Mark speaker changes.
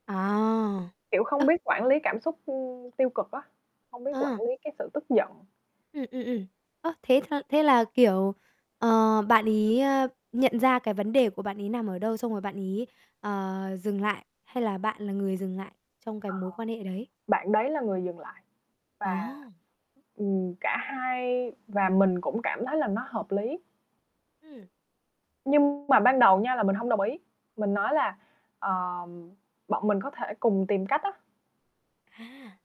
Speaker 1: À.
Speaker 2: Kiểu, không
Speaker 1: Ơ.
Speaker 2: biết quản lý cảm xúc, ừm, tiêu cực á, không biết quản
Speaker 1: Ờ.
Speaker 2: lý cái sự tức giận.
Speaker 1: Ừm, ừm, ừm. Ơ, thế cho thế là, kiểu, ờ, bạn ấy, ờ, nhận ra cái vấn đề của bạn ấy nằm ở đâu, xong rồi bạn ấy, ờ, dừng lại, hay là bạn là người dừng lại trong cái
Speaker 2: Ờ,
Speaker 1: mối quan hệ đấy?
Speaker 2: bạn đấy là người dừng lại và,
Speaker 1: Ồ!
Speaker 2: ừm, cả hai và mình cũng cảm thấy là nó hợp lý.
Speaker 1: Ừm.
Speaker 2: Nhưng mà ban đầu nha là mình hông đồng ý. Mình nói là, ờ, bọn mình có thể cùng tìm cách á.
Speaker 1: À!